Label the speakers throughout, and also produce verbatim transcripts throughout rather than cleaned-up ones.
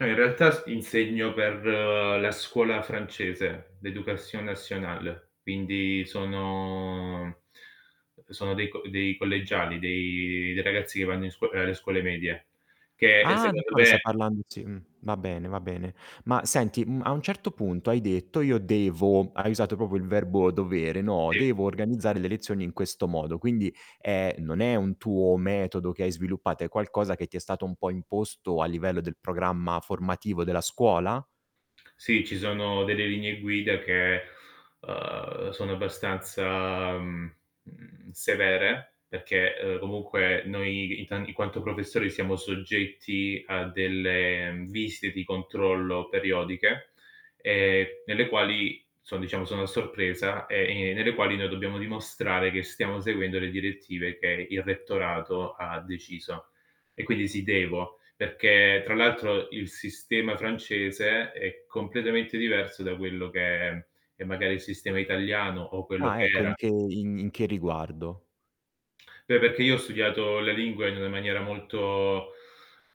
Speaker 1: No, in realtà s insegno per la scuola francese, l'Éducation nationale, quindi sono e sono dei co dei collegiali, dei dei ragazzi che vanno in scuo ehm, alle scuole medie, che che
Speaker 2: Ah,
Speaker 1: secondo
Speaker 2: d'accordo,
Speaker 1: me
Speaker 2: stai parlando sì, uhm, va bene, va bene. Ma senti, mhmm, a un certo punto hai detto: "Io devo", hai usato popo il verbo dovere, no:
Speaker 1: Sì.
Speaker 2: "Devo organizzare le lezioni in questo modo", quindi, ehm, non è un tuo metodo che hai sviluppato, è qualcosa che ti è stato un po' imposto a livello del programma formativo della scuola?
Speaker 1: Sì, ci sono delle linee guida che, ehm, sono abbastanza, mhmm, mhmm, severe, perché, ehm, comunque noi in tan in quanto professori siamo soggetti a delle visite di controllo periodiche, ehm, nelle quali so' diciamo sono a sorpresa e ne nelle quali noi dobbiamo dimostrare che stiamo seguendo le direttive che il rettorato ha deciso. E quindi sì devo, perché tra l'altro il sistema francese è completamente diverso da quello che è magari il sistema italiano o quello
Speaker 2: Ah,
Speaker 1: che
Speaker 2: ecco. In
Speaker 1: era.
Speaker 2: che in in che riguardo?
Speaker 1: Beh, perché io ho studiato la lingua in una maniera molto,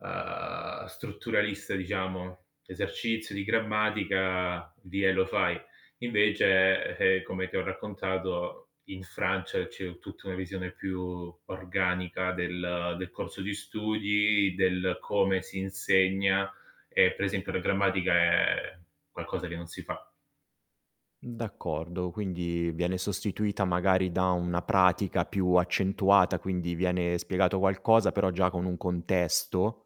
Speaker 1: ehm, strutturalista diciamo. L'esercizio di grammatica, dì e lo fai. Invece, eh, come ti ho raccontato, in Francia c'è tutta una visione più organica del del corso di studi, del come si insegna e per esempio la grammatica è qualcosa che non si fa.
Speaker 2: Mh, d'accordo. Quindi, viene sostituita magari da una pratica più accentuata, quindi viene spiegato qualcosa però già con un contesto?